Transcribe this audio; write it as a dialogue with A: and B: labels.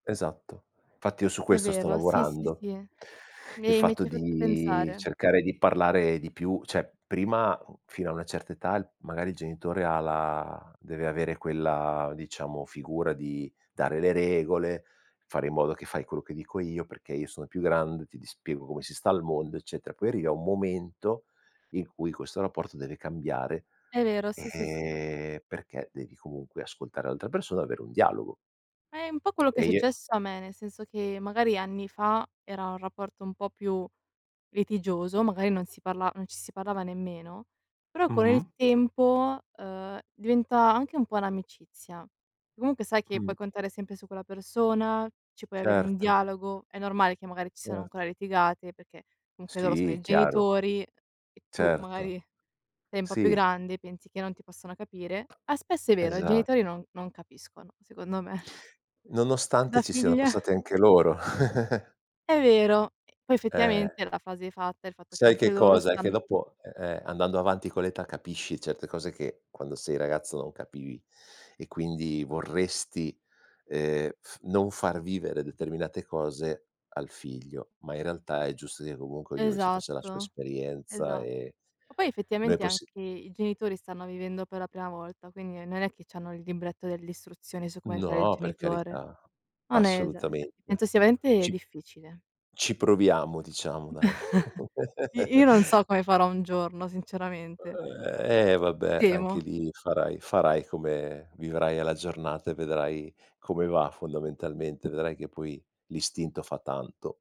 A: Esatto. Fatti io su
B: È
A: questo sto
B: vero, sì, sì,
A: lavorando.
B: sì.
A: Il
B: Mi mi
A: fatto
B: ci hai fatto
A: di
B: pensare.
A: cercare di parlare di più, cioè prima fino a una certa età l magari il genitore ha la deve avere quella, diciamo, figura di dare le regole, fare in modo che fai quello che dico io, perché io sono più grande, ti di spiego come si sta al mondo, eccetera. Poi arriva un momento in cui questo rapporto deve cambiare
B: È vero, sì, sì, sì.
A: e perché devi comunque ascoltare l'altra persona, avere un dialogo.
B: È un po' quello che è
A: E i e
B: successo a me, nel senso che magari anni fa era un rapporto un po' più litigioso, magari non si parla non ci si parlava nemmeno, però con il
A: Mh-mh.
B: tempo, ehm, diventa anche un po' un'amicizia. Comunque sai che
A: Mh.
B: puoi contare sempre su quella persona, ci puoi avere un
A: Certo.
B: dialogo, è normale che magari ci siano
A: Erto.
B: ancora litigate perché comunque loro sono
A: Sì,
B: i
A: chiaro.
B: genitori e tu
A: Certo.
B: magari sei un po' più
A: Sì.
B: grande e pensi che non ti possano capire; ah, spesso è vero, i
A: Esa
B: genitori non non capiscono secondo me.
A: Nonostante
B: Da
A: ci siano
B: figlia.
A: passati anche loro.
B: È vero, e poi
A: Eh.
B: effettivamente la fase fatta, il fatto che
A: Sai
B: anche
A: che
B: loro
A: cosa: è che
B: stan
A: dopo eh, eh, andando avanti con l'età capisci certe cose che quando sei ragazzo non capivi e quindi vorresti, ehm, f non far vivere determinate cose al figlio, ma in realtà è giusto che comunque ognuno ci faccia la sua
B: Esatto, esa
A: esperienza
B: Ma
A: e
B: poi
A: noi
B: effettivamente
A: possi
B: anche i genitori stanno vivendo per la prima volta, quindi non è che c'hanno il libretto delle istruzioni su come fare il
A: No, per
B: genitore.
A: carità,
B: No hai ragione, fatti
A: assolutamente.
B: penso sia veramente
A: Ci
B: difficile.
A: ci proviamo diciamo dai.
B: I io non so come farò un giorno sinceramente.
A: Eh, vabbè anche
B: Temo.
A: lì farai farai come vivrai alla giornata e vedrai come va fondamentalmente; vedrai che poi l'istinto fa tanto.